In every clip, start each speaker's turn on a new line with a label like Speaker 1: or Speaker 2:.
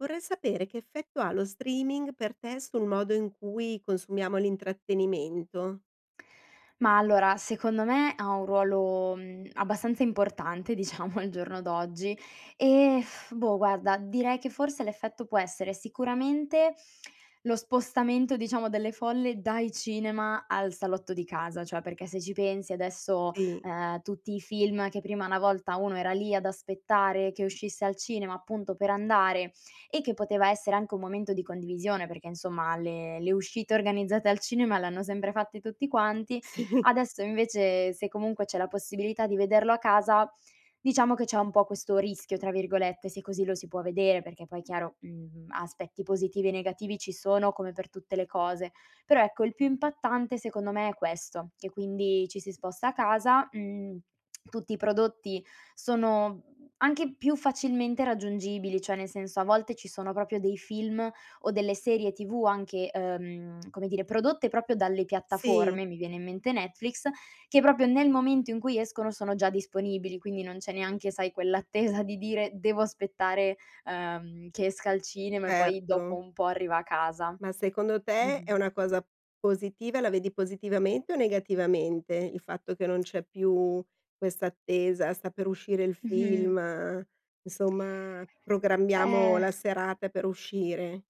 Speaker 1: Vorrei sapere che effetto ha lo streaming per te, sul modo in cui consumiamo l'intrattenimento?
Speaker 2: Mah allora, secondo me ha un ruolo, mhmm, abbastanza importante, diciamo, al giorno d'oggi, ehm, boh, guarda, direi che forse l'effetto può essere sicuramente, lo spostamento, diciamo, delle folle dai cinema al salotto di casa, cioè perché, se ci pensi, adesso,
Speaker 1: Sì.
Speaker 2: ehm, tutti i film che prima una volta uno era lì ad aspettare che uscisse al cinema, appunto, per andare, e che poteva essere anche un momento di condivisione, perché insomma le le uscite organizzate al cinema l'hanno sempre fatte tutti quanti;
Speaker 1: Sì.
Speaker 2: adesso invece se comunque c'è la possibilità di vederlo a casa, diciamo che c'è un po' questo "rischio", tra virgolette, se così lo si può vedere, perché poi chiaro, mhmm, aspetti positivi e negativi ci sono come per tutte le cose. Però, ecco il più impattante secondo me è questo: che quindi ci si sposta a casa, mhmm, tutti i prodotti sono anche più facilmente raggiungibili, cioè nel senso a volte ci sono proprio dei film o delle serie TV anche, ehm, come dire, prodotte proprio dalle
Speaker 1: Sì.
Speaker 2: piattaforme, mi viene in mente Netflix, che proprio nel momento in cui escono sono già disponibili, quindi non c'è neanche sai quell' attesa di dire: "Devo aspettare, uhm, che esca al cinema," e poi dopo
Speaker 1: Certo.
Speaker 2: un po' arriva a casa.
Speaker 1: Ma secondo te è
Speaker 2: Mh-mh.
Speaker 1: una cosa positiva la vedi positivamente o negativamente, il fatto che non c'è più questa attesa? "Sta per uscire il film," insomma, "Programmiamo
Speaker 2: Ehm
Speaker 1: la serate per uscire."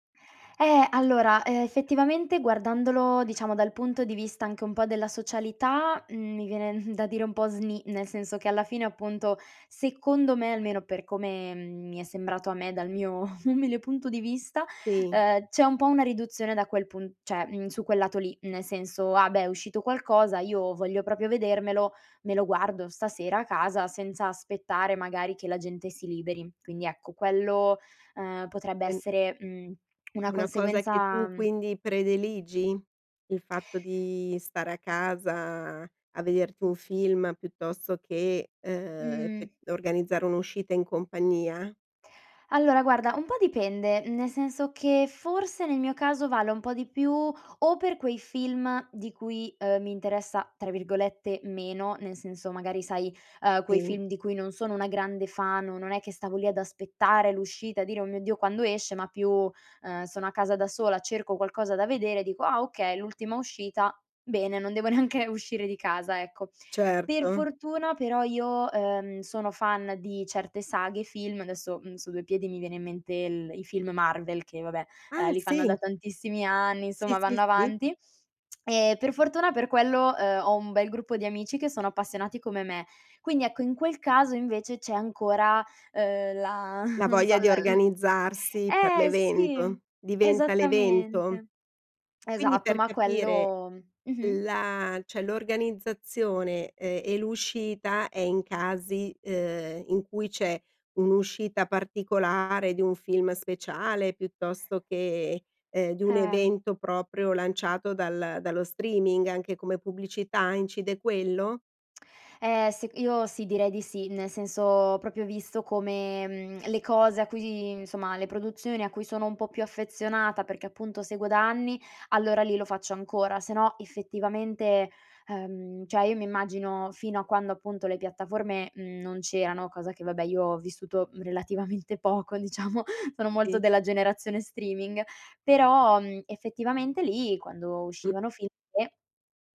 Speaker 2: Eh! Allora, ehm, effettivamente guardandolo, diciamo, dal punto di vista anche un po' della socialità, mhmm, mi viene da dire un po' sni, nel senso che alla fine, appunto, secondo me almeno per come, mhmm, mi è sembrato a me dal mio umile punto di vista,
Speaker 1: Sì.
Speaker 2: uhm, c'è un po' una riduzione da quel pu cioè, mhmm, su quel lato lì, ne senso: "Ah, beh! È uscito qualcosa, io voglio proprio vedermelo, me lo guardo stasera a casa senza aspettare, magari, che la gente si liberi." Quindi, ecco quello, ehm, potrebbe
Speaker 1: En
Speaker 2: essere, mhmm, una
Speaker 1: Una cosa che
Speaker 2: conseguenza
Speaker 1: tu quindi prediligi? Il fatto di stare a casa, a vederti un film piuttosto che, uhm,
Speaker 2: Mh.
Speaker 1: effe organizzare un'uscita in compagnia?
Speaker 2: Allora, guarda, un po' dipende, nel senso che forse nel mio caso vale un po' di più o per quei film di cui, ehm, mi interessa, tra virgolette, “meno”, nel senso magari, sai, ehm, quei
Speaker 1: Sì.
Speaker 2: film di cui non sono una grande fan o non è che stavo lì ad aspettare l'uscita e a dire: “Oh mio Dio, quando esce?” Ma più, ehm, sono a casa da sola, cerco qualcosa da vedere, dico: “Ah, okay, l'ultima uscita, bene, non devo neanche uscire di casa, ecco.” Per
Speaker 1: Certo.
Speaker 2: fortuna però io, ehm, sono fan di certe saghe, film. Adesso, mhmm, su 2 piedi mi viene in mente il i film Marvel che, vabbè, ehm,
Speaker 1: Ah,
Speaker 2: li fanno da
Speaker 1: sì.
Speaker 2: tantissimi anni,
Speaker 1: Sì,
Speaker 2: insomma,
Speaker 1: sì,
Speaker 2: vanno
Speaker 1: sì.
Speaker 2: avanti, e per fortuna per quello, ehm, ho un bel gruppo di amici che sono appassionati come me. Quindi ecco, in quel caso invece c'è ancora, uhm, la
Speaker 1: La
Speaker 2: non so,
Speaker 1: voglia di
Speaker 2: la l
Speaker 1: organizzarsi per
Speaker 2: Eh sì,
Speaker 1: l'evento diventa l'evento.
Speaker 2: esattamente.
Speaker 1: Quindi,
Speaker 2: Esatto.
Speaker 1: per
Speaker 2: Ma
Speaker 1: capire,
Speaker 2: quello mh-mh.
Speaker 1: la cioè, l'organizzazione, ehm, e l'uscita è in casi, ehm, in cui c'è un'uscita particolare di un film speciale piuttosto che, ehm, di un
Speaker 2: Eh.
Speaker 1: evento proprio lanciato dal dallo streaming anche come pubblicità. Incide quello?
Speaker 2: Eh, sec io sì, direi di sì, nel senso ho proprio visto come, mhmm, le cose a cui di insomma, le produzioni a cui sono un po' più affezionata, perché appunto seguo da anni, allora lì lo faccio ancora. Sennò, effettivamente, ehm, cioè io mi immagino, fino a quando, appunto, le piattaforme, mhmm, non c'erano, cosa che vabbè io ho vissuto, mhmm, relativamente poco diciamo, sono molto
Speaker 1: Sì.
Speaker 2: della generazione streaming però, mhmm, effettivamente lì quando
Speaker 1: Mh.
Speaker 2: uscivano [unintelligible]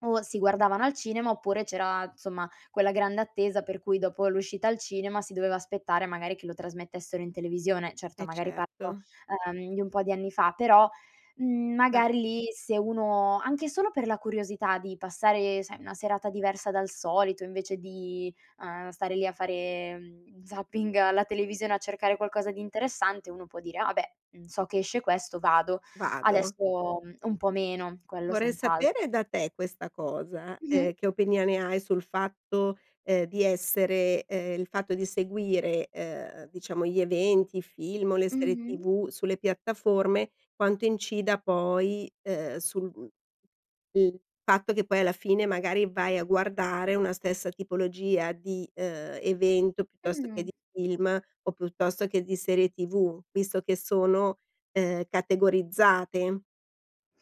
Speaker 2: o si guardavano al cinema, oppure c'era insomma quella grande attesa per cui dopo l'uscita al cinema si doveva aspettare, magari, che lo trasmettessero in televisione. Certo,
Speaker 1: Eh,
Speaker 2: magari parlo,
Speaker 1: certo.
Speaker 2: uhm, di un po' di anni fa, però, mhmm,
Speaker 1: Ma
Speaker 2: magari lì se uno, anche solo per la curiosità di passare, sai, una serata diversa dal solito, invece di, uhm, stare lì a fare, mhmm, zapping alla televisione a cercare qualcosa di interessante, uno può dire: "Ah beh, mhmm, so che esce questo, vado."
Speaker 1: Vado.
Speaker 2: Adesso, mhmm, un po' meno, quello
Speaker 1: Vorrei
Speaker 2: senz'altro.
Speaker 1: sapere da te questa cosa:
Speaker 2: Mh-mh.
Speaker 1: ehm, che opinione hai sul fatto, ehm, di essere, ehm, il fatto di seguire, ehm, diciamo gli eventi, i film o le serie
Speaker 2: Mh-mh.
Speaker 1: TV sulle piattaforme, quanto incida poi, uhm, sul mhmm, il fatto che poi alla fine, magari, vai a guardare una stessa tipologia di, uhm, evento piuttosto che
Speaker 2: Mh.
Speaker 1: di film, o piuttosto che di serie TV? Visto che sono, uhm, categorizzate.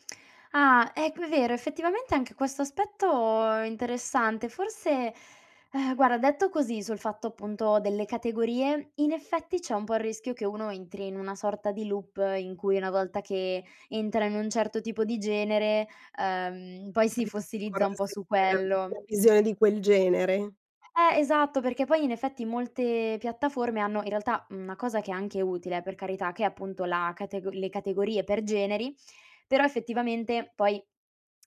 Speaker 2: Ah, ecco, è vero, effettivamente anche questo aspetto è interessante. Forse guarda, detto così sul fatto appunto delle categorie, in effetti c'è un po' il rischio che uno entri in una sorta di loop in cui una volta che entra in un certo tipo di genere, uhm, poi si
Speaker 1: [unintelligible]
Speaker 2: fossilizza un po'
Speaker 1: Forse
Speaker 2: su
Speaker 1: per
Speaker 2: quello.
Speaker 1: una visione di quel genere.
Speaker 2: Eh esatto, perché poi in effetti, molte piattaforme hanno in realtà, mhmm, una cosa che è anche utile, eh per carità, che è appunto la catego le categorie per generi, però effettivamente poi,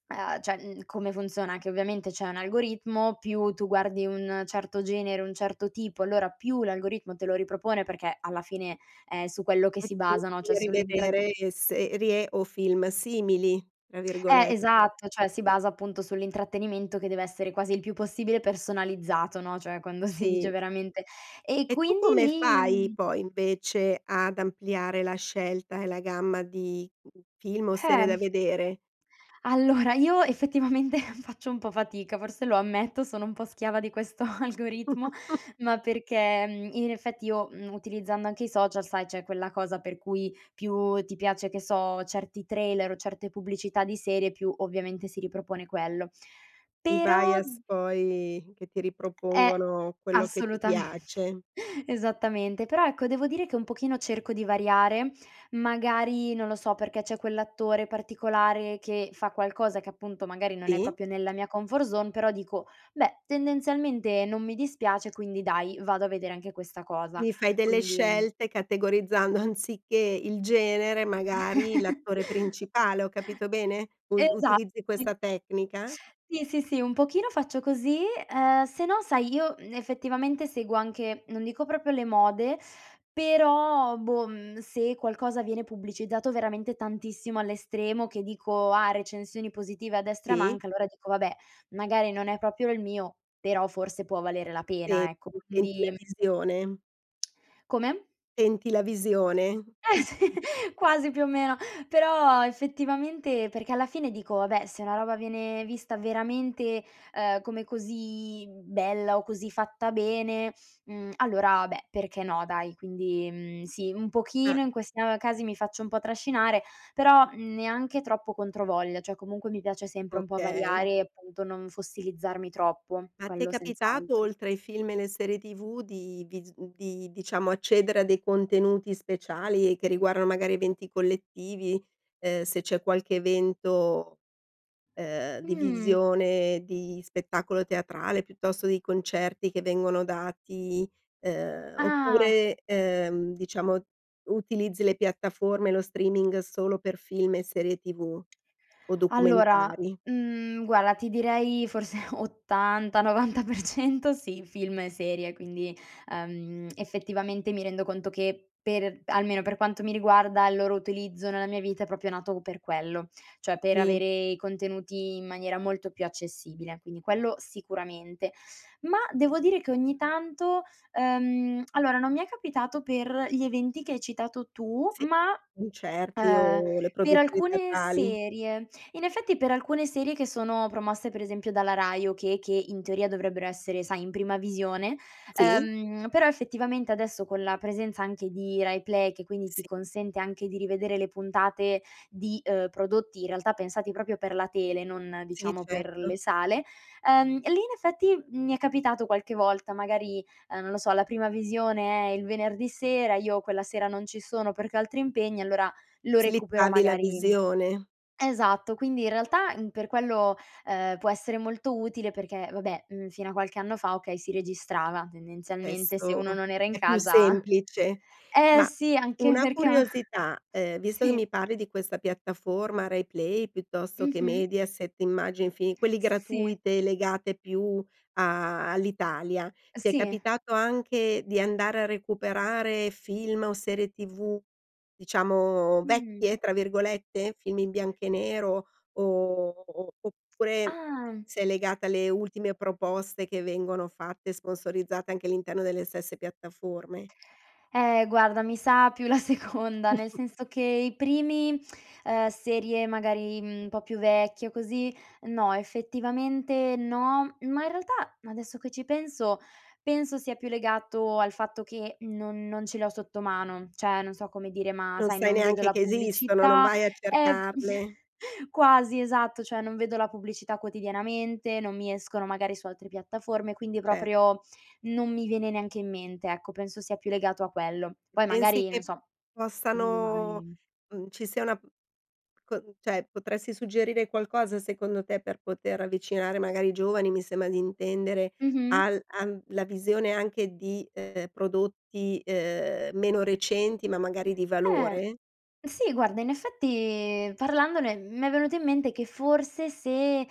Speaker 2: ah cioè, come funziona che ovviamente c'è un algoritmo, più tu guardi un certo genere, un certo tipo, allora più l'algoritmo te lo ripropone, perché alla fine è su quello che
Speaker 1: E
Speaker 2: si
Speaker 1: tu
Speaker 2: basano, cioè
Speaker 1: [unintelligible]
Speaker 2: sull'intrat
Speaker 1: rivedere serie o film "simili" tra
Speaker 2: Eh
Speaker 1: virgolette.
Speaker 2: esatto, cioè si basa appunto sull'intrattenimento, che deve essere quasi il più possibile personalizzato, no, cioè quando si dice
Speaker 1: Sì.
Speaker 2: veramente e
Speaker 1: E tu
Speaker 2: quindi
Speaker 1: come
Speaker 2: lì,
Speaker 1: fai
Speaker 2: mhmm
Speaker 1: poi, invece, ad ampliare la scelta e la gamma di film o serie da
Speaker 2: Eh.
Speaker 1: vedere?
Speaker 2: Allora io effettivamente faccio un po' fatica, forse lo ammetto, sono un po' schiava di questo algoritmo ma perché, mhmm, in effetti io, mhmm, utilizzando anche i social, sai c'è quella cosa per cui, più ti piace che so, certi trailer o certe pubblicità di serie, più ovviamente si ripropone quello
Speaker 1: I
Speaker 2: però
Speaker 1: bias poi che ti
Speaker 2: Eh
Speaker 1: ripropongono, quello che ti
Speaker 2: assolutamente
Speaker 1: piace.
Speaker 2: esattamente, però ecco devo dire che un pochino cerco di variare, magari non lo so perché c'è quell'attore particolare, che fa qualcosa, che appunto magari non è
Speaker 1: Sì.
Speaker 2: proprio nella mia comfort zone, però dico: "Beh, tendenzialmente non mi dispiace, quindi dai, vado a vedere anche questa cosa".
Speaker 1: Quindi fai delle
Speaker 2: Quindi
Speaker 1: scelte categorizzando, anziché il genere, magari l'attore principale, ho capito bene, uz
Speaker 2: Esatto,
Speaker 1: utilizzi
Speaker 2: sì.
Speaker 1: questa tecnica?
Speaker 2: Sì, sì, sì, un pochino faccio così, uhm, sennò sai, io effettivamente seguo anche non dico proprio le mode, però boh, se qualcosa viene pubblicizzato veramente tantissimo all'estremo che dico: "Ah, recensioni positive a destra e a
Speaker 1: Sì.
Speaker 2: manca". Allora dico: "Vabbè, magari non è proprio il mio però forse può valere la
Speaker 1: Sì,
Speaker 2: pena". Ecco,
Speaker 1: ti senti la
Speaker 2: quindi
Speaker 1: visione?
Speaker 2: Come?
Speaker 1: Tenti la visione?
Speaker 2: Eh, sì.
Speaker 1: Mh-mh.
Speaker 2: Quasi, più o meno, però effettivamente perché alla fine dico: “Vabbè, se una roba viene vista veramente, ehm, come così bella o così fatta bene, mhmm, allora beh, perché no, dai?” Quindi, mhmm, sì, un pochino
Speaker 1: Eh.
Speaker 2: in questa casi mi faccio un po' trascinare, però, mhmm, neanche troppo controvoglia, cioè comunque mi piace sempre un po'
Speaker 1: Okay.
Speaker 2: variare e appunto non fossilizzarmi troppo,
Speaker 1: Ma ti è
Speaker 2: quello
Speaker 1: capitato,
Speaker 2: senz'altro.
Speaker 1: oltre ai film e le serie TV, di vis di, diciamo, accedere a dei contenuti speciali che riguardano magari eventi collettivi, ehm, se c'è qualche evento, ehm, di
Speaker 2: Mhmm.
Speaker 1: visione di spettacolo teatrale, piuttosto di concerti che vengono dati, ehm,
Speaker 2: Ah.
Speaker 1: oppure, ehm, diciamo, utilizzi le piattaforme e lo streaming solo per film e serie TV o
Speaker 2: Allora,
Speaker 1: documentari?
Speaker 2: mhmm, guarda, ti direi forse 80-90% sì, film e serie, quindi, uhm, effettivamente mi rendo conto che per almeno per quanto mi riguarda, il loro utilizzo nella mia vita è proprio nato per quello, cioè per
Speaker 1: Sì.
Speaker 2: avere i contenuti in maniera molto più accessibile, quindi quello sicuramente. Ma devo dire che ogni tanto, ehm allora, non mi è capitato per gli eventi che hai citato tu,
Speaker 1: Sì,
Speaker 2: ma,
Speaker 1: concerti
Speaker 2: ehm,
Speaker 1: o le
Speaker 2: per
Speaker 1: produzioni
Speaker 2: alcune
Speaker 1: teatrali.
Speaker 2: serie. In effetti, per alcune serie che sono promosse, per esempio, dalla Rai o che che in teoria dovrebbero essere, sai, in prima visione,
Speaker 1: Sì.
Speaker 2: ehm, però effettivamente adesso con la presenza anche di RaiPlay- che quindi ti
Speaker 1: Sì.
Speaker 2: consente anche di rivedere le puntate, di, ehm, prodotti in realtà pensati proprio per la tele, non,
Speaker 1: Sì,
Speaker 2: diciamo, per
Speaker 1: certo.
Speaker 2: le sale- ehm, lì in effetti mi è capitato qualche volta, magari, uhm, non lo so, la prima visione è il venerdì sera, io quella sera non ci sono perché ho altri impegni e allora lo recupero
Speaker 1: Slittavi
Speaker 2: magari
Speaker 1: la visione.
Speaker 2: esatto. Quindi in realtà, mhmm, per quello, ehm, può essere molto utile. Perché vabbè, uhm, fino a qualche anno fa, okay, si registrava tendenzialmente se
Speaker 1: Adesso
Speaker 2: uno non era in
Speaker 1: è più
Speaker 2: casa
Speaker 1: semplice.
Speaker 2: eh
Speaker 1: Ma,
Speaker 2: sì, anche
Speaker 1: una
Speaker 2: perché a
Speaker 1: curiosità, ehm, visto che
Speaker 2: sì.
Speaker 1: mi parli di questa piattaforma RaiPlay, piuttosto che
Speaker 2: Mh-mh.
Speaker 1: Mediaset, immagi i film quelle
Speaker 2: S sì.
Speaker 1: gratuite legati più a all'Italia, ti è
Speaker 2: Sì.
Speaker 1: capitato anche di andare a recuperare film o serie TV, diciamo,
Speaker 2: Mhm.
Speaker 1: "vecchie", tra virgolette, film in bianco e nero, o oppure
Speaker 2: Ah!
Speaker 1: se è legata alle ultime proposte che vengono fatte, sponsorizzate anche all'interno delle stesse piattaforme?
Speaker 2: Eh, guarda, mi sa più la seconda, nel senso che i primi, ehm, serie magari, mhmm, un po' più vecchi o così, no, effettivamente no; ma in realtà, adesso che ci penso, penso sia più legato al fatto che non non ce l'ho sotto mano. Cioè, non so come dire, ma
Speaker 1: Non
Speaker 2: sai,
Speaker 1: sai
Speaker 2: non vedo
Speaker 1: neanche
Speaker 2: la
Speaker 1: che esistono, non
Speaker 2: pubblicità,
Speaker 1: vai a
Speaker 2: ehm
Speaker 1: cercarle.
Speaker 2: quasi, esatto, cioè non vedo la pubblicità quotidianamente, non mi escono magari su altre piattaforme, quindi
Speaker 1: Cer
Speaker 2: proprio non mi viene neanche in mente, ecco, penso sia più legato a quello. Poi
Speaker 1: Pensi
Speaker 2: magari, non
Speaker 1: che
Speaker 2: so, un
Speaker 1: possano,
Speaker 2: domani
Speaker 1: mhmm, ci sia una p co cioè, potresti suggerire qualcosa, secondo te, per poter avvicinare magari i giovani, mi sembra di intendere,
Speaker 2: Mh-mh.
Speaker 1: al am la visione anche di, ehm, prodotti, ehm, meno recenti, ma magari di
Speaker 2: Eh,
Speaker 1: valore?
Speaker 2: sì, guarda, in effetti parlandone m'è venuto in mente che forse se eh,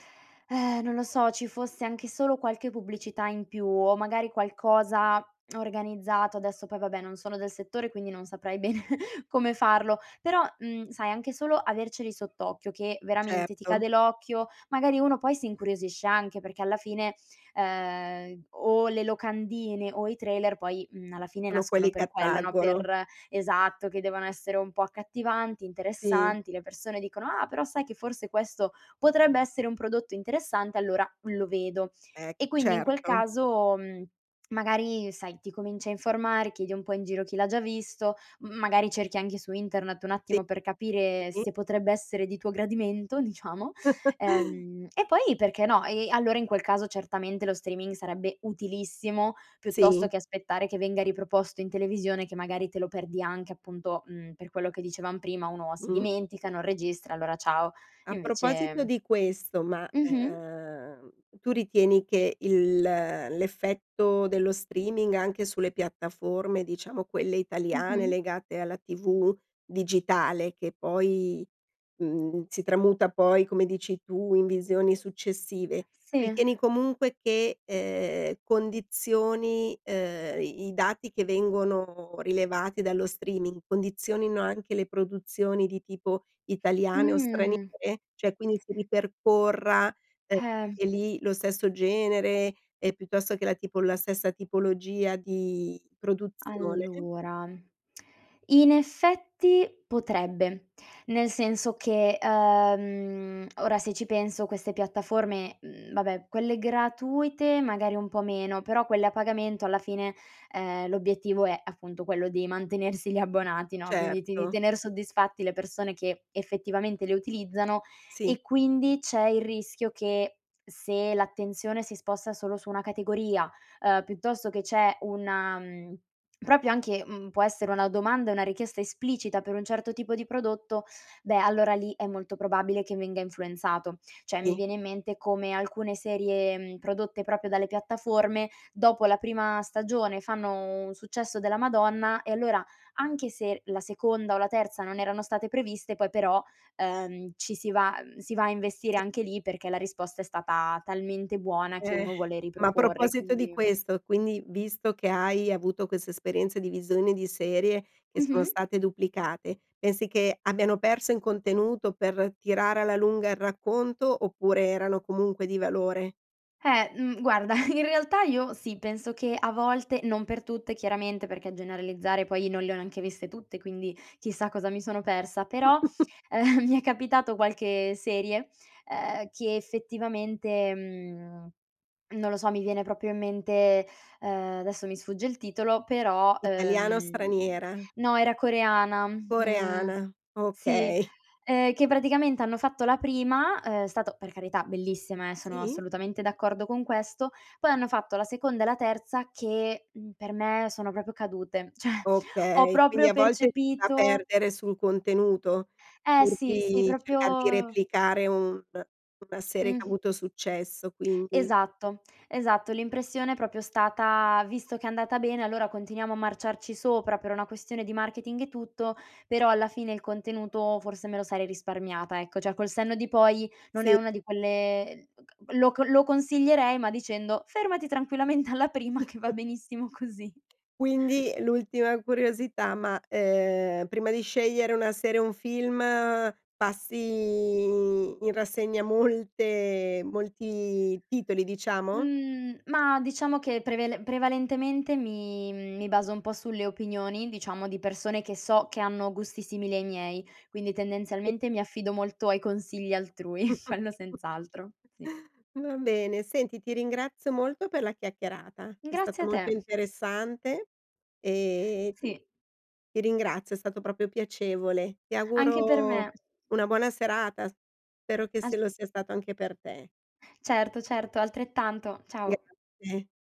Speaker 2: non lo so, ci fosse anche solo qualche pubblicità in più o magari qualcosa organizzato adesso poi vabbè non sono del settore, quindi non saprei bene come farlo. Però, mhmm, sai, anche solo averceli sott'occhio che veramente ti cade
Speaker 1: Certo.
Speaker 2: l'occhio, magari uno poi si incuriosisce anche, perché alla fine, ehm, o le locandine o i trailer poi, uhm, alla fine
Speaker 1: Sono
Speaker 2: nascono
Speaker 1: quelli che
Speaker 2: per quello, no?
Speaker 1: attraggono.
Speaker 2: Per esatto, che devono essere un po' accattivanti,
Speaker 1: Sì.
Speaker 2: interessanti, le persone dicono: “Ah, però sai che forse questo potrebbe essere un prodotto interessante? Allora lo vedo.”
Speaker 1: Eh,
Speaker 2: E quindi in quel
Speaker 1: certo.
Speaker 2: caso, mhmm, magari sai, ti cominci a informare, chiedi un po' in giro chi l'ha già visto, m magari cerchi anche su internet un
Speaker 1: Sì,
Speaker 2: attimo per capire
Speaker 1: sì.
Speaker 2: se potrebbe essere di tuo gradimento, diciamo, ehm, e poi perché no, e allora in quel caso certamente lo streaming sarebbe utilissimo, piuttosto
Speaker 1: Sì.
Speaker 2: che aspettare che venga riproposto in televisione, che magari te lo perdi anche, appunto, uhm, per quello che dicevam prima, uno si
Speaker 1: Mh.
Speaker 2: dimentica, non registra, allora ciao.
Speaker 1: A proposito
Speaker 2: Invece
Speaker 1: di questo, ma,
Speaker 2: Mh-mh.
Speaker 1: ehm, tu ritieni che il l'effetto dello streaming anche sulle piattaforme, diciamo, quelle italiane
Speaker 2: Mh-mh.
Speaker 1: legate alla TV digitale, che poi, mhmm, si tramuta poi, come dici tu, in visioni successive,
Speaker 2: Sì.
Speaker 1: ritieni comunque che, ehm, condizioni, ehm i i dati che vengono rilevati dallo streaming, condizionino anche le produzioni di tipo italiane o straniere?
Speaker 2: Mhmm.
Speaker 1: Cioè, quindi si ripercorra, ehm,
Speaker 2: Eh.
Speaker 1: e lì lo stesso genere, eh, piuttosto che la tipol la stessa tipologia di produzione?
Speaker 2: Allora, in effetti potrebbe. Nel senso che, uhm, ora, se ci penso, queste piattaforme, mhmm vabbè, quelle gratuite magari un po' meno, però quelle a pagamento alla fine, ehm, l'obiettivo è appunto quello di mantenersi gli abbonati, no, quindi ti di
Speaker 1: Certo.
Speaker 2: tener soddisfatti le persone che effettivamente le utilizzano,
Speaker 1: Sì.
Speaker 2: e quindi c'è il rischio che, se l'attenzione si sposta solo su 1 categoria, ehm, piuttosto che c'è una mhmm, proprio anche uhm, può essere una domanda e una richiesta esplicita per un certo tipo di prodotto, beh, allora lì è molto probabile che venga influenzato. Cioè, mi
Speaker 1: Sì.
Speaker 2: viene in mente come alcune serie, mhmm, prodotte proprio dalle piattaforme, dopo la prima stagione fanno un successo della Madonna e allora, anche se la seconda o la terza non erano state previste, poi però, ehm, ci si va uhm, si va a investire
Speaker 1: Sì.
Speaker 2: anche lì perché la risposta è stata talmente buona che
Speaker 1: Eh.
Speaker 2: uno vuole
Speaker 1: Ma a
Speaker 2: riproporre,
Speaker 1: proposito di
Speaker 2: quindi, mhmm
Speaker 1: questo, quindi, visto che hai avuto queste esperienze di visione di serie che sono
Speaker 2: Mh-mh.
Speaker 1: state duplicate, pensi che abbiano perso in contenuto per tirare alla lunga il racconto oppure erano comunque di valore?
Speaker 2: Eh, mhmm, guarda, in realtà io sì, penso che a volte, non per tutte chiaramente, perché a generalizzare poi non le ho neanche viste tutte, quindi chissà cosa mi sono persa, però, ehm, mi è capitato qualche serie, uhm, che effettivamente, mhmm, non lo so, mi viene proprio in mente, uhm, adesso mi sfugge il titolo, però
Speaker 1: Italiana o
Speaker 2: uhm,
Speaker 1: straniera?
Speaker 2: no, era coreana, mhmm,
Speaker 1: Coreana,
Speaker 2: sì,
Speaker 1: okay.
Speaker 2: ehm, che praticamente hanno fatto la prima, uhm, è stata, per carità, bellissima, eh, sono
Speaker 1: Sì.
Speaker 2: assolutamente d'accordo con questo. Poi hanno fatto la seconda e la terza che, mhmm, per me sono proprio cadute, cioè ho
Speaker 1: Okay. Quindi
Speaker 2: proprio
Speaker 1: a volte si va
Speaker 2: percepito
Speaker 1: perdere sul contenuto?
Speaker 2: Eh
Speaker 1: Pur
Speaker 2: sì, sì,
Speaker 1: di cercare di
Speaker 2: proprio
Speaker 1: replicare un una serie che ha
Speaker 2: Mh.
Speaker 1: avuto successo, quindi.
Speaker 2: Esatto, esatto. L'impressione è proprio stata: visto che è andata bene, allora continuiamo a marciarci sopra per una questione di marketing e tutto, però alla fine il contenuto forse me lo sarei risparmiata, ecco. Cioè, col senno di poi, non è
Speaker 1: Sì.
Speaker 2: una di quelle lo co lo consiglierei, ma dicendo: “Fermati tranquillamente alla prima che va benissimo così.”
Speaker 1: Quindi, l'ultima curiosità, ma, ehm, prima di scegliere una serie o un film, passi in rassegna molte molti titoli, diciamo?
Speaker 2: Mhmm, ma diciamo che prevele prevalentemente mi mi baso un po' sulle opinioni, diciamo, di persone che so che hanno gusti simili ai miei, quindi
Speaker 1: Sì.
Speaker 2: tendenzialmente mi affido molto ai consigli altrui, quello senz'altro, sì.
Speaker 1: Va bene, senti, ti ringrazio molto per la chiacchierata. È
Speaker 2: Grazie
Speaker 1: stata
Speaker 2: a
Speaker 1: molto
Speaker 2: te.
Speaker 1: interessante e, mhmm,
Speaker 2: Sì.
Speaker 1: ti ringrazio. È stato proprio piacevole. Ti
Speaker 2: Anche per
Speaker 1: auguro
Speaker 2: me.
Speaker 1: una buona serata. Spero che
Speaker 2: As
Speaker 1: se lo sia stato anche per te.
Speaker 2: Certo, certo, altrettanto, ciao.
Speaker 1: Grazie.